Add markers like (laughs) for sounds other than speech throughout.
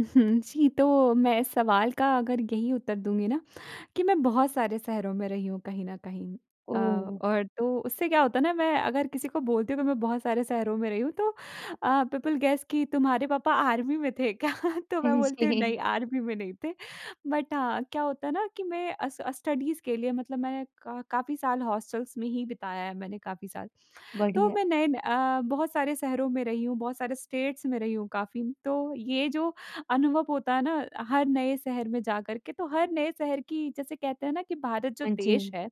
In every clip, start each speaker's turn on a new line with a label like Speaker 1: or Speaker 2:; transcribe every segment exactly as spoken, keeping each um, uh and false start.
Speaker 1: उहुँ। जी, तो मैं सवाल का अगर यही उत्तर दूँगी ना कि मैं बहुत सारे शहरों में रही हूँ कहीं न कहीं अ,
Speaker 2: ओह!
Speaker 1: और तो उससे क्या होता है ना मैं अगर किसी को बोलती हूँ कि मैं बहुत सारे शहरों में रही हूँ तो अ, पीपल गैस कि तुम्हारे पापा आर्मी में थे क्या? तो
Speaker 2: हाँ
Speaker 1: मैं बोलती हूँ,
Speaker 2: जी।
Speaker 1: "नहीं, आर्मी में नहीं थे।" बट हाँ, क्या होता है ना कि मैं अस स्टडीज़ के लिए मतलब मैं का काफ़ी साल हॉस्टलस में ही बिताया है, मैंने काफ़ी साल। तो
Speaker 2: बढ़िया।
Speaker 1: मैं नए न अ, बहुत सारे शहरों में रही हूँ, बहुत सारे स्टेट्स में रही हूँ काफ़ी। तो ये जो अनुभव होता है ना हर नए शहर में जाकर के, तो हर नए शहर की जैसे कहते हैं ना कि भारत जो
Speaker 2: हाँ
Speaker 1: देश
Speaker 2: जी।
Speaker 1: है,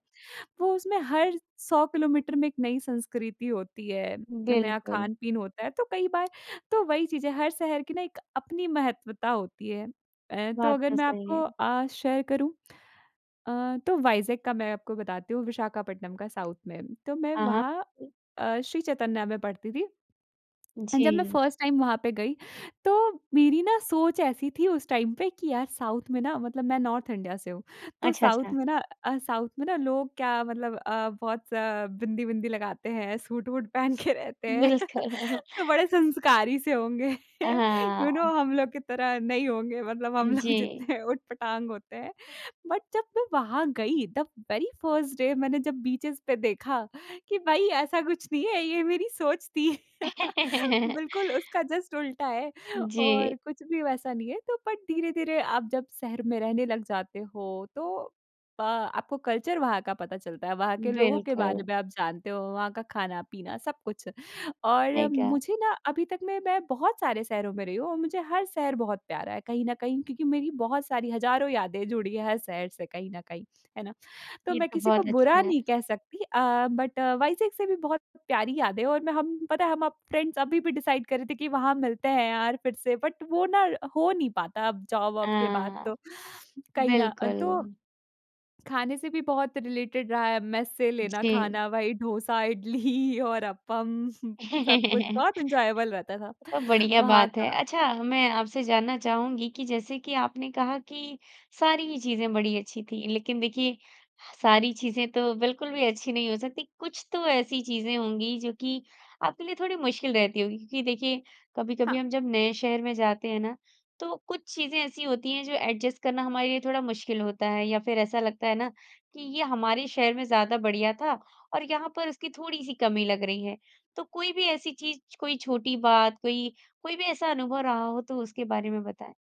Speaker 1: वो उसमें हर सौ किलोमीटर में एक नई संस्कृति होती है, नया
Speaker 2: बिल्कुल।
Speaker 1: खान-पीन होता है। तो कई बार तो वही चीज़ है हर शहर की ना एक अपनी महत्वता होती है। अ, तो
Speaker 2: बात
Speaker 1: अगर
Speaker 2: तो
Speaker 1: मैं
Speaker 2: सही
Speaker 1: आपको
Speaker 2: है।
Speaker 1: अ, शेयर करूँ अ, तो वाइजेक का मैं आपको बताती हूँ विशाखापट्टनम का साउथ में। तो मैं
Speaker 2: हाँ,
Speaker 1: वहाँ
Speaker 2: हाँ।
Speaker 1: अ, श्री चैतन्या में पढ़ती थी। एंड जब मैं
Speaker 2: जी।
Speaker 1: फर्स्ट टाइम वहाँ पे गयी तो मेरी ना सोच ऐसी थी उस टाइम पे कि यार साउथ में ना मतलब मैं नॉर्थ इंडिया से हूँ, तो
Speaker 2: अच्छा,
Speaker 1: साउथ
Speaker 2: अच्छा।
Speaker 1: में ना अ, साउथ में ना लोग क्या मतलब अ, बहुत बिंदी-विंदी लगाते हैं, सूट-वूट पहन के रहते हैं। (laughs)
Speaker 2: बिल्कुल।
Speaker 1: तो बड़े संस्कारी से होंगे।
Speaker 2: अ,
Speaker 1: यू नो
Speaker 2: हाँ।
Speaker 1: हम लोग की तरह नहीं होंगे मतलब हम लोग
Speaker 2: जी।
Speaker 1: जितने उटपटांग होते हैं। बट जब मैं वहाँ गई द वेरी फर्स्ट डे मैंने जब बीचेज़ पे देखा कि भई ऐसा कुछ नहीं है ये मेरी सोच थी। (laughs) बिल्कुल
Speaker 2: (laughs)
Speaker 1: उसका जस्ट उल्टा है
Speaker 2: जी।
Speaker 1: और कुछ भी वैसा नहीं है तो बट धीरे-धीरे आप जब शहर में रहने लग जाते हो तो अ, आपको कल्चर वहाँ का पता चलता है। वहाँ के लोगों के
Speaker 2: बिल्कुल।
Speaker 1: बारे में आप जानते हो, वहाँ का खाना-पीना सब कुछ और
Speaker 2: सही कहा।
Speaker 1: मुझे ना अभी तक मे मैं बहुत सारे शहरों में रही हूँ और मुझे हर शहर बहुत प्यारा है कहीं न कहीं, क्योंकि मेरी बहुत सारी हज़ारों यादें जुड़ी है हर शहर से कहीं न कहीं, है ना? तो
Speaker 2: ये
Speaker 1: मैं
Speaker 2: तो
Speaker 1: किसी को
Speaker 2: बहुत
Speaker 1: बुरा
Speaker 2: अच्छा है।
Speaker 1: नहीं कह सकती अ, बट वाइसेक से भी बहुत प्यारी यादें हैं और मैं हम पता है हम फ्रेंड्स अभी भी डिसाइड कर रहे थे कि वहाँ मिलते हैं यार फिर से, बट वो ना हो नहीं पाता अब जॉब
Speaker 2: अ,
Speaker 1: वोब के बाद तो कहीं ना।
Speaker 2: बिल्कुल।
Speaker 1: तो खाने से भी बहुत रिलेटेड रहा है, मेस से लेना
Speaker 2: जी।
Speaker 1: खाना। वही डोसा, इडली और अपम (chuckles) सब कुछ
Speaker 2: (laughs)
Speaker 1: बहुत एन्जॉयबल रहता था
Speaker 2: तो बढ़िया
Speaker 1: वहाँ
Speaker 2: बात है।
Speaker 1: का।
Speaker 2: अच्छा, मैं आपसे जानना चाहूँगी कि जैसे कि आपने कहा कि सारी चीज़ें बड़ी अच्छी थी। लेकिन देखिये सारी चीज़े तो बिल्कुल भी अच्छी नहीं हो सकती। कुछ तो ऐसी चीज़े होंगी जो कि आपके लिए थोड़ी मुश्किल रहती होगी। क्योंकि देखिये कभी-कभी
Speaker 1: हाँ।
Speaker 2: हम जब नए शहर में जाते हैं ना, तो कुछ चीज़ें ऐसी होती हैं जो एडजस्ट करना हमारे लिए थोड़ा मुश्किल होता है या फिर ऐसा लगता है ना, कि ये हमारे शहर में ज़्यादा बढ़िया था और यहाँ पर उसकी थोड़ी सी कमी लग रही है। तो कोई भी ऐसी चीज़, कोई छोटी बात, कोई कोई भी ऐसा अनुभव रहा हो, तो उसके बारे में बताएँ।